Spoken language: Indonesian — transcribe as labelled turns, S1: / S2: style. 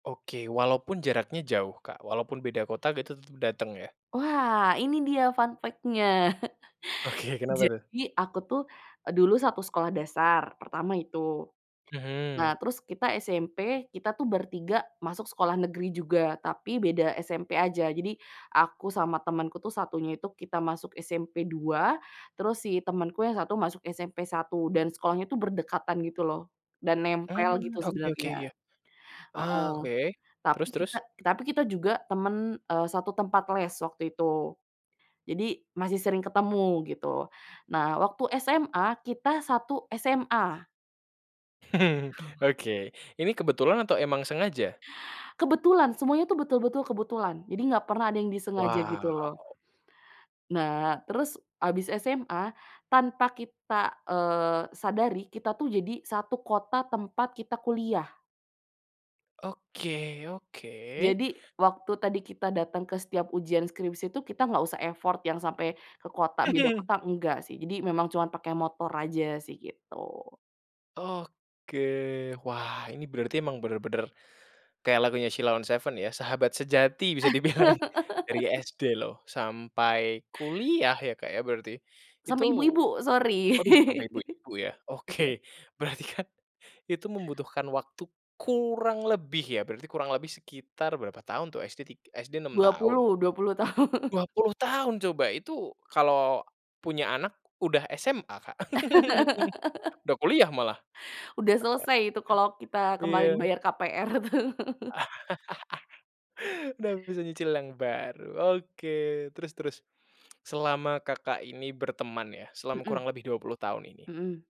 S1: Oke, walaupun jaraknya jauh Kak, walaupun beda kota gitu tetep dateng ya?
S2: Wah ini dia fun factnya.
S1: Oke, kenapa tuh?
S2: Jadi aku tuh dulu satu sekolah dasar pertama itu,
S1: Mhm.
S2: nah terus kita SMP, kita tuh bertiga masuk sekolah negeri juga tapi beda SMP aja. Jadi aku sama temenku tuh satunya itu kita masuk SMP 2 terus si temenku yang satu masuk SMP 1 dan sekolahnya tuh berdekatan gitu loh dan nempel
S1: Mmm,
S2: gitu
S1: oke oke,
S2: sebenernya
S1: iya. Ah
S2: heeh.
S1: oke,
S2: Tapi
S1: terus
S2: kita
S1: terus?
S2: tapi kita juga temen, eee, satu tempat les waktu itu, jadi masih sering ketemu gitu. Nah waktu SMA, kita satu SMA. Oh.
S1: Oke, ini kebetulan atau emang sengaja?
S2: Kebetulan, semuanya tuh betul-betul kebetulan, jadi enggak pernah ada yang disengaja gitu
S1: Wow.
S2: loh. Nah terus habis SMA, tanpa kita kita, eee, sadari, kita tuh jadi satu kota tempat kita kuliah.
S1: Oke oke.
S2: Jadi waktu tadi kita dateng ke setiap ujian skripsi itu kita enggak usah effort yang sampai ke kota, beda kota enggak sih, jadi memang cuma pakai motor aja sih gitu
S1: Oke, wah ini berarti emang benar-benar kayak lagunya Sheila on 7 ya, sahabat sejati bisa dibilang dari SD loh sampai kuliah ya, Kak, ya berarti? Itu
S2: Sampai ibu-ibu, sorry.
S1: aduh sampai ibu-ibu ya, oke
S2: Iya.
S1: berarti kan itu membutuhkan waktu kurang lebih ya, berarti kurang lebih sekitar berapa tahun tuh, SD tig SD 6
S2: Dua
S1: tahun.
S2: puluh, 20 tahun.
S1: Dua puluh tahun coba, itu kalau punya anak udah SMA Kak, udah kuliah malah.
S2: Udah selesai itu kalau kita kemarin
S1: Iya.
S2: bayar KPR tuh.
S1: Udah bisa nyicil yang baru. Oke terus terus, selama Kakak ini berteman ya, selama
S2: Mhm.
S1: kurang lebih 20 tahun ini.
S2: Mhm.